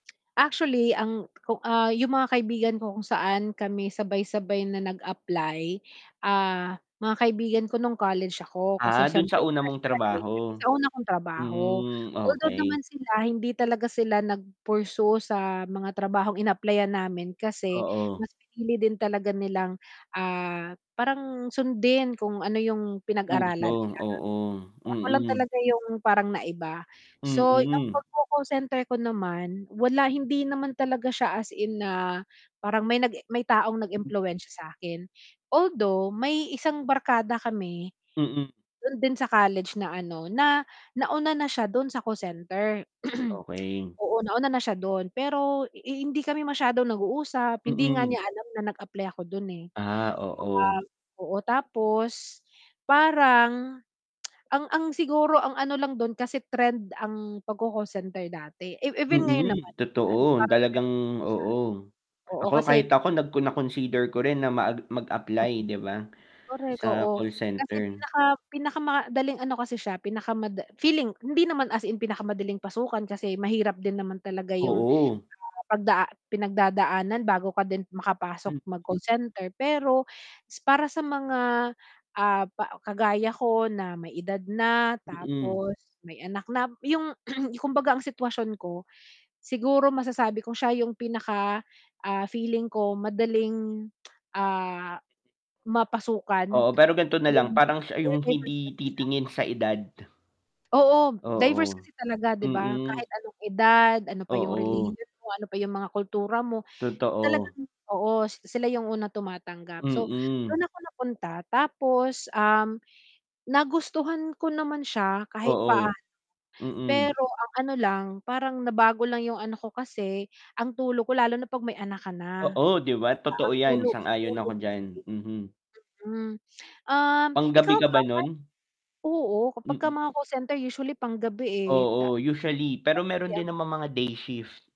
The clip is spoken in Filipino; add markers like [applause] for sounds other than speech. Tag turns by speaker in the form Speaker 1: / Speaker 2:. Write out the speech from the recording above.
Speaker 1: Actually, ang ku ah, yung mga kaibigan ko kung saan kami sabay-sabay na nag-apply, ah, mga kaibigan ko nung college ako kasi
Speaker 2: Ah, dun sa
Speaker 1: siyempre,
Speaker 2: una
Speaker 1: fresh
Speaker 2: mong
Speaker 1: graduate kami,
Speaker 2: trabaho?
Speaker 1: sa una kong trabaho.
Speaker 2: Mm,
Speaker 1: Although naman
Speaker 2: okey.
Speaker 1: sila hindi talaga sila nag-pursue sa mga trabahong inapplyan namin kasi
Speaker 2: Oo.
Speaker 1: mas pinili din talaga nilang, ah, parang sundin kung ano 'yung
Speaker 2: Kurso,
Speaker 1: pinag-aralan nila.
Speaker 2: oo.
Speaker 1: Ako lang
Speaker 2: Mm.
Speaker 1: talaga yung parang naiba. So, ang
Speaker 2: Mm.
Speaker 1: pagko-call center ko naman, wala, hindi naman talaga siya as in na parang may nag may taong nag-impluwensiya sa'kin. Although may isang barkada kami
Speaker 2: Mm.
Speaker 1: dun din sa college na ano, na nauna na siya dun sa call center. [clears throat]
Speaker 2: Okey.
Speaker 1: Oo, nauna na siya dun. Pero hindi kami masyadong nag-uusap. Hindi nga
Speaker 2: Mm.
Speaker 1: niya alam na nag-apply ako dun, eh.
Speaker 2: Ah, oo.
Speaker 1: Ah oo, tapos parang [tsk] ang ang siguro ang ano lang dun kasi trend ang pagco-call center dati e even ngayon
Speaker 2: Mm,
Speaker 1: naman.
Speaker 2: totoo.
Speaker 1: [unintelligible]
Speaker 2: Talagang oo.
Speaker 1: Oo,
Speaker 2: Ako
Speaker 1: kasi
Speaker 2: kahit ako nag na-consider ko rin na mag
Speaker 1: Mm.
Speaker 2: mag-apply 'di ba
Speaker 1: Correct,
Speaker 2: sa
Speaker 1: oo.
Speaker 2: call
Speaker 1: Kasi
Speaker 2: center?
Speaker 1: pinaka pinakamadaling ano kasi siya, pinakamada feeling hindi naman as in pinakamadaling pasukan kasi mahirap din naman talaga 'yung
Speaker 2: Oo.
Speaker 1: pagda pinagdadaanan bago ka din makapasok
Speaker 2: Mm.
Speaker 1: mag-call center, pero para sa mga, ah, pa kagaya ko na may edad na
Speaker 2: Mm.
Speaker 1: tapos may anak na, 'yung [clears throat] kumbaga ang sitwasyon ko siguro masasabi ko siya yung pinaka, ah, feeling ko madaling, [tsk] ah, mapasukan.
Speaker 2: Oo, pero gan'to na lang. Parang siya yung hindi
Speaker 1: [unintelligible]
Speaker 2: titingin sa edad.
Speaker 1: Oo, diverse
Speaker 2: Oo.
Speaker 1: kasi talaga, 'di ba?
Speaker 2: Mm.
Speaker 1: Kahit anong edad, ano pa 'yung
Speaker 2: Oo.
Speaker 1: relihiyon mo, ano pa 'yung mga kultura mo,
Speaker 2: Totoo.
Speaker 1: talagang oo, s sila yung unang tumatanggap. So,
Speaker 2: Mm.
Speaker 1: dun ako napunta tapos, um, nagustuhan ko naman siya kahit
Speaker 2: Oo.
Speaker 1: paano,
Speaker 2: Mm.
Speaker 1: pero ang ano lang, parang nabago lang 'yung anak ko kasi ang tulog ko lalo na pag may anak ka na. Ah,
Speaker 2: Oo, 'di ba,
Speaker 1: ah,
Speaker 2: totoo
Speaker 1: ang
Speaker 2: 'yan?
Speaker 1: tulog, sa
Speaker 2: Sang-ayon ako
Speaker 1: tulog
Speaker 2: diyan. Mhm.
Speaker 1: mm. Um,
Speaker 2: Panggabi
Speaker 1: ikaw
Speaker 2: ka ba
Speaker 1: ba [unintelligible]
Speaker 2: nun?
Speaker 1: Oo, kapag
Speaker 2: Mm.
Speaker 1: mga call center usually panggabi, eh, ta
Speaker 2: Oo, usually. Pero meron din
Speaker 1: [unintelligible]
Speaker 2: namang mga day shift.